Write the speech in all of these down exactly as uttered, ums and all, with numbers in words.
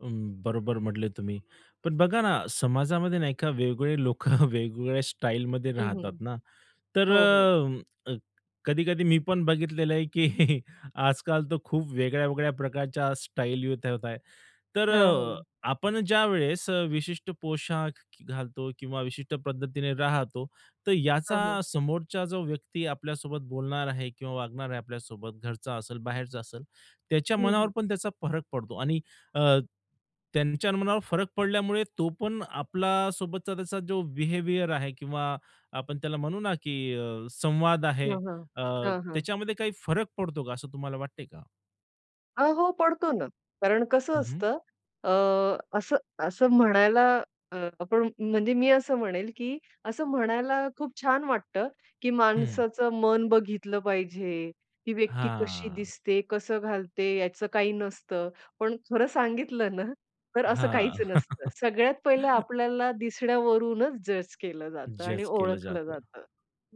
अ, बरोबर म्हटले तुम्ही. पण बघा ना, समाजामध्ये नाही का वेगवेगळे लोकं वेगवेगळ्या स्टाईलमध्ये हं, हं. राहतात ना. तर हो, हो. अ, अ, कधी-कधी मी पण बघितलेलं आहे, की आजकाल तर खूप वेगळ्या-वेगळ्या प्रकारच्या स्टाईली [unintelligible] ठेवता आहेत. तर हां, अ, हां. आपण ज्यावेळेस अ, विशिष्ट पोशाख घालतो किंवा विशिष्ट पद्धतीने राहतो. तर याचा हां, हां. समोरचा जो व्यक्ती आपल्यासोबत बोलणार आहे किंवा वागणार आहे आपल्यासोबत, घरचा असेल, बाहेरचा असेल. त्याच्या हं, मनावर हं. पण त्याचा फरक पडतो आणि अ, त्यांच्या मनावर फरक पडल्यामुळे तो पण आपल्या सोबतचा त्याचा जो बिहेवियर आहे किंवा आपण त्याला म्हणू ना, की अ, संवाद आहे हां, हां. अ, हां, हां. त्याच्यामध्ये काही फरक पडतो का? असं तुम्हाला वाटतं आहे का? हां, हो पडतो ना. कारण कसं हं, हं. असतं अ, असं असं म्हणायला अ, आपण म्हणजे मी असं म्हणेल, की असं म्हणायला खूप छान वाटतं, की हं. माणसाचं मन बघितलं पाहिजे. ती व्यक्ती कशी हां. दिसते, कसं घालते, याचं काही नसतं. पण खरं सांगितलं ना, तर असं हां. काहीच नसतं. सगळ्यात पहिले आपल्याला दिसण्यावरूनच जज केलं जातं आणि जज केलं ओळखलं जातं. जातं.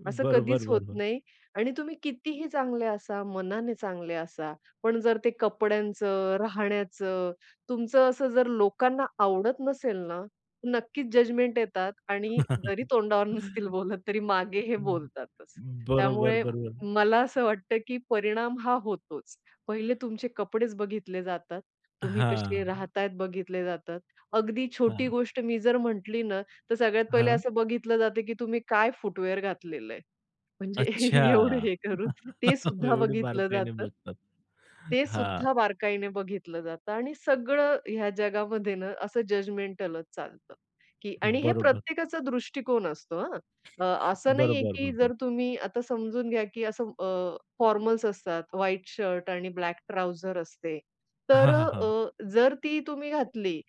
असं बरोबर, कधीच होत बरोबर. नाही आणि तुम्ही कितीही चांगले असा, मनाने चांगले असा, पण जर ते कपड्यांचं, राहण्याचं, तुमचं असं जर लोकांना आवडत नसेल ना, नक्कीच जजमेंट येतात आणि जरी तोंडावर नसतील बोलत, तरी मागे हे हं. बोलतातच. बरोबर, त्यामुळे बरोबर. मला असं वाटतं, की परिणाम हा होतोच. पहिले तुमचे कपडेच बघितले जातात. तुम्ही कसे हां. राहता आहेत बघितले जातात. अगदी छोटी हां. गोष्ट मी जर म्हंटली ना, तर सगळ्यात पहिले हां. असं बघितलं जातं, की तुम्ही काय फूटवेअर घातलेलं आहे. म्हणजे अच्छा. एवढं हे करून ते सुद्धा एवढी बघितलं बारकाईने जातं. बघतात. ते हां. सुद्धा बारकाईने बघितलं जातं, आणि सगळं ह्या जगामध्ये न, असं जजमेंटलच चालतं की आणि हे बरोबर. प्रत्येकाचा दृष्टिकोन असतो, हां. अ, असं नाहीये, बरोबर, की बरोबर. जर तुम्ही आता समजून घ्या की असं अ, फॉर्मल्स असतात, व्हाईट शर्ट आणि ब्लॅक ट्राउझर असते. तर हां, अ, हां, हां. अ, जर ती तुम्ही घातली,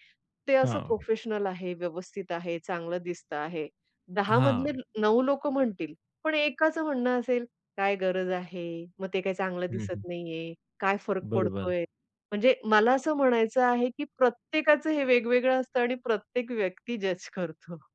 ते असं हां. प्रोफेशनल आहे, व्यवस्थित आहे, चांगलं दिसतं आहे. दहा मधले, हां. नऊ लोकं म्हणतील. पण एकाचं म्हणणं असेल "काय गरज आहे, मग ते काय चांगलं हं, हं. दिसत नाहीये, काय फरक बरोबर. पडतोय". म्हणजे मला असं म्हणायचं आहे, की प्रत्येकाचं हे वेगवेगळं असतं आणि प्रत्येक व्यक्ती जज करतो.